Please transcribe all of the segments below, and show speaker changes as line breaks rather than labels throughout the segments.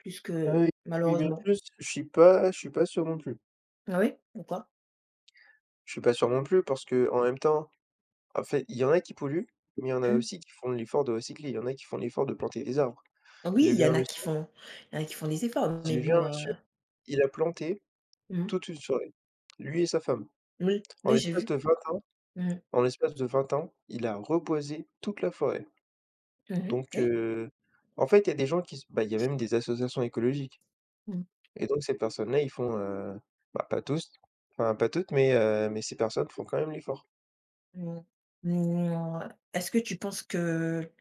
Plus
Ah,
que
oui, oui, bien
malheureusement.
plus, je suis pas je suis pas sûr, non plus.
Ah oui, pourquoi?
Je suis pas sûr non plus parce qu'en même temps, en fait, il y en a qui polluent, mais il y en a
Mmh.
aussi qui font l'effort de recycler. ll y en a qui font l'effort de planter des arbres.
Oui,
J'ai
il
vu
y en
un
a qui
monsieur
font il y en a qui font des efforts, mais
j'ai vu un
bon,
monsieur,
heu
il a planté
Mmh mh.
toute une forêt, lui et sa femme.
Oui,
En
oui, j'ai
l'espace
vu.
de 20 ans,
Mmh mh.
en l'espace de 20 ans, il a reboisé toute la forêt.
Mmh mh.
Donc
Oui.
heu, en fait, il y a des gens qui s bah, ll y a même des associations écologiques
Mmh mh.
et donc ces personnes-là, ils font, heu, bah, pas tous, enfin pas toutes, mais heu, mais ces personnes font quand même l'effort.
Mmh. Mouais. Est-ce que tu penses que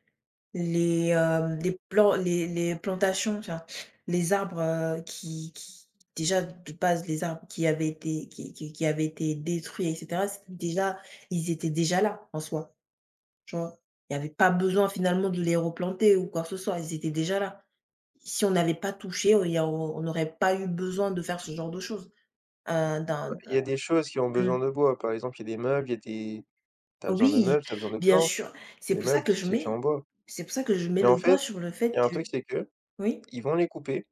les, hem, les plan les les plantations, enfin, les arbres, heu, qui qui, déjà de base, les arbres qui avaient été qui qui qui avaient été détruits et cetera, c'était déjà ils étaient déjà là, en soi. Tu vois? Il y avait pas besoin, finalement, de les replanter ou quoi que ce soit, ils étaient déjà là. Si on n'avait pas touché, au il y a au on aurait pas eu besoin de faire ce genre de choses, heu, dans
Bah,
dans
il y a des choses qui ont
mmh.
besoin de bois. Par exemple, il y a des meubles, il y a des tu as besoin de
Oui.
meubles, tu as besoin de
Bien
planches.
sûr. C'est
Les
pour ça
meubles,
que je
c'est fait
mets
en bois.
c'est pour ça que je mets
Mais en
le doigt
fait,
sur le fait
il y a un
que
truc, c'est qu'ils
Oui?
vont les couper.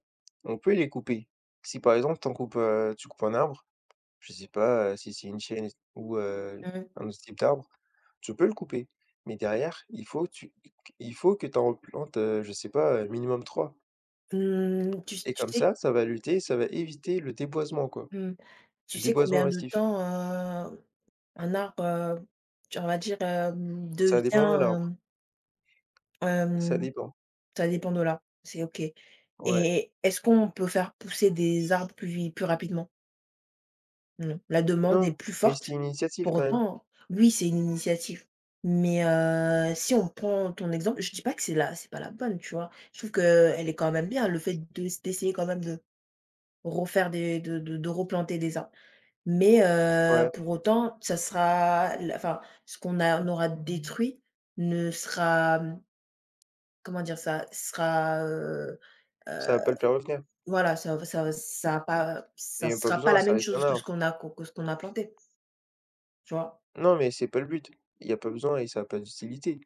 On peut les couper. Si, par exemple, tu en coupes, heu, tu coupes un arbre, je sais pas, heu, si c'est une chêne ou heu,
Mmh mh.
un autre type d'arbre, tu peux le couper, mais derrière, il faut tu qu qu il faut que tu en replantes, heu, je sais pas, heu, minimum 3.
Mmh, tu s
Et
tu
comme
sais
ça, ça va lutter, ça va éviter le déboisement, quoi,
Mmh. Tu
le
sais
déboisement
combien de
massif.
temps, heu, un arbre, heu, tu on va dire, hem,
Ça
devient,
dépend de l'arbre.
hem
Ça
Hem,
dépend.
ça dépend de l'arbre, c'est OK
Ouais.
et est-ce qu'on peut faire pousser des arbres plus vi plus rapidement? Mmh. La demande est
Non,
plus
mais c'est
forte?
une initiative,
Pour
quand même.
autant oui, c'est une initiative. Mais heu, si on prend ton exemple je dis pas que c'est la c'est pas la bonne, tu vois? Je trouve qu'elle est quand même bien. Le fait de d'essayer quand même de refaire des de de de replanter des arbres. Mais heu,
Ouais.
pour autant, ça sera la enfin, ce qu'on a on aura détruit, ne sera, mmh comment dire ça, sera, heu
Ça
heu,
va pas le faire revenir.
voilà, ça ou ça v ça a pas heu,
Mais
ça
il y a pas
sera pas
besoin,
la
ça
même
reste un
chose que ce
arbre.
qu'on a co que ce qu'on a planté. Tu vois?
Non, mais c'est pas le but. Il y a pas besoin et ça a pas d'utilité.